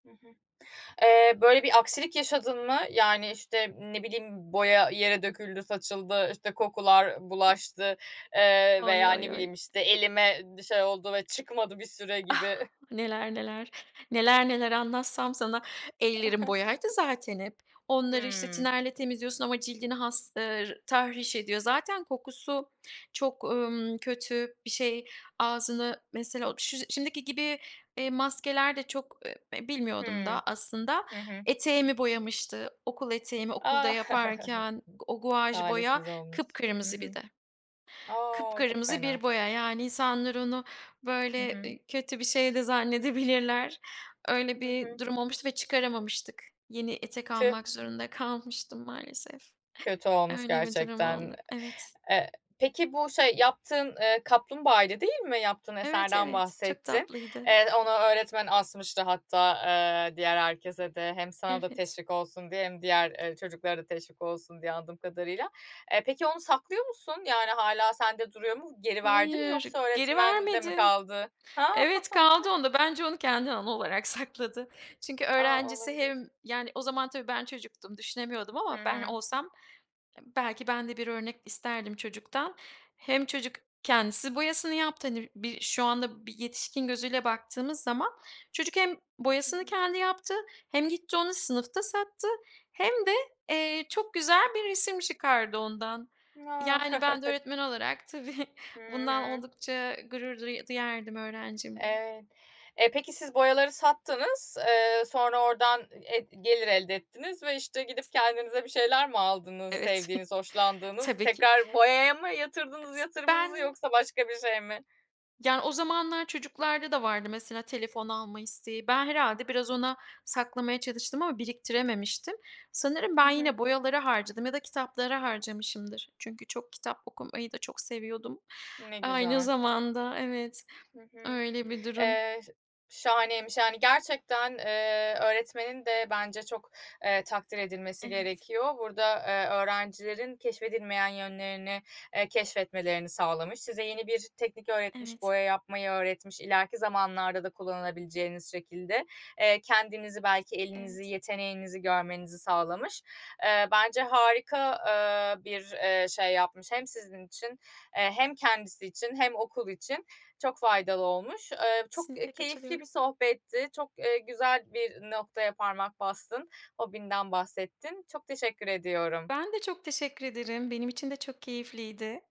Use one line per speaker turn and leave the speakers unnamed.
Hı hı. Eee, böyle bir aksilik yaşadın mı? Yani, işte, ne bileyim boya yere döküldü saçıldı. İşte, kokular
[unintelligible]
bulaştı, ııı,
Ay,
veya
ay,
ne
ay.
bileyim, işte, elime bir şey oldu ve çıkmadı bir süre
Ah!
gibi.
Neler, neler; neler, neler anlatsam sana. Ellerim boyaydı zaten hep. Onları, işte,
Hıı.
tinerle temizliyorsun ama cildini has, ııı, r tahriş ediyor. Zaten kokusu çok, ımm, kötü bir şey. Ağzını, mesela o ş şimdiki gibi, eee, maskeler de çok, ııı, e bilmiyordum
Hıı.
da aslında.
Hı hı.
Eteğimi boyamıştı. Okul eteğimi okulda
A!
yaparken o guaj boya
talihsiz olmuş. Hı
kıpkırmızı bir
hı.
de.
A! Çok
Kıpkırmızı
fena.
bir boya. Yani, insanlar onu,
Hı
böyle,
hı.
eee, kötü bir şey de zannedebilirler. Öyle
Hı
bir
hı.
durum olmuştu ve çıkaramamıştık. Yeni etek
Tüh!
almak zorunda kalmıştım, maalesef.
Kötü olmuş
Öyle bir durum
gerçekten.
oldu. Evet.
E eee, peki bu şey yaptığın, ııı, kaplumbağaydı, değil mi? Yaptığın
Evet,
eserden
evet. Çok
bahsettin.
tatlıydı.
Eee, onu öğretmen asmıştı. Hatta, ııı, diğer herkese de hem sana da
Evet.
teşvik olsun diye hem diğer, ııı, çocuklara da teşvik olsun diye, anladığım kadarıyla. Eee, peki onu saklıyor musun? Yani, hâlâ sende duruyor mu, geri verdi mi
Hayır,
yoksa
geri
öğretmende mi
vermedim.
kaldı? Ha.
Evet, kaldı onda. Bence onu kendine anı olarak sakladı. Çünkü
A,
öğrencisi
olabilir.
hem Yani, o zaman, tabii, ben çocuktum, düşünemiyordum
Hı
ama ben
hı.
olsam, eee, belki ben de bir örnek isterdim çocuktan. Hem çocuk kendisi boyasını yaptı. Hani, bir şu anda, bir yetişkin gözüyle baktığımız zaman, çocuk hem
Hı
boyasını
hı.
kendi yaptı hem gitti onu sınıfta sattı hem de, eee, çok güzel bir resim çıkardı ondan.
A!
Yani, ben de öğretmen olarak, tabii
Hı
bundan
hı.
oldukça, ııı, gurur du duyardım öğrencimle.
Evet. Eee, peki, siz boyaları sattınız, eee, sonra oradan, eee, g gelir elde ettiniz ve, işte, gidip
Evet.
kendinize bir şeyler mi aldınız
Evet.
sevdiğiniz, hoşlandığınız?
Tabii ki.
Tekrar boyaya mı yatırdınız
Is
yatırımınızı
ben
yoksa başka bir şey mi?
Yani, o zamanlar çocuklarda da vardı, mesela, telefon alma isteği. Ben herhâlde biraz ona saklamaya çalıştım ama biriktirememiştim. Sanırım
Hı
ben
hı.
yine boyalara harcadım ya da kitaplara harcamışımdır. Çünkü çok kitap okumayı da çok seviyordum,
Ne
aynı
güzel.
zamanda. Evet,
Hı hı.
öyle bir durum.
Eee, ş şahaneymiş, yani. Gerçekten, eee, öğretmenin de bence çok, eee, takdir edilmesi
Evet.
gerekiyor. Burada, eee, öğrencilerin keşfedilmeyen yönlerini, eee, keşfetmelerini sağlamış, size yeni bir teknik öğretmiş,
Evet.
boya yapmayı öğretmiş ileriki zamanlarda da kullanabileceğiniz şekilde. Eee, kendinizi belki elinizi
Evet.
yeteneğinizi görmenizi sağlamış. Iıı, bence harika, eee, bir, ııı, şey yapmış hem sizin için, eee, hem kendisi için hem okul için çok faydalı olmuş. Iıı, çok, ııı,
Kesinlikle
keyifli bir
katılıyorum.
sohbetti. Çok, ııı, güzel bir noktaya parmak bastın, hobinden bahsettin. Çok teşekkür ediyorum.
Ben de çok teşekkür ederim. Benim için de çok keyifliydi.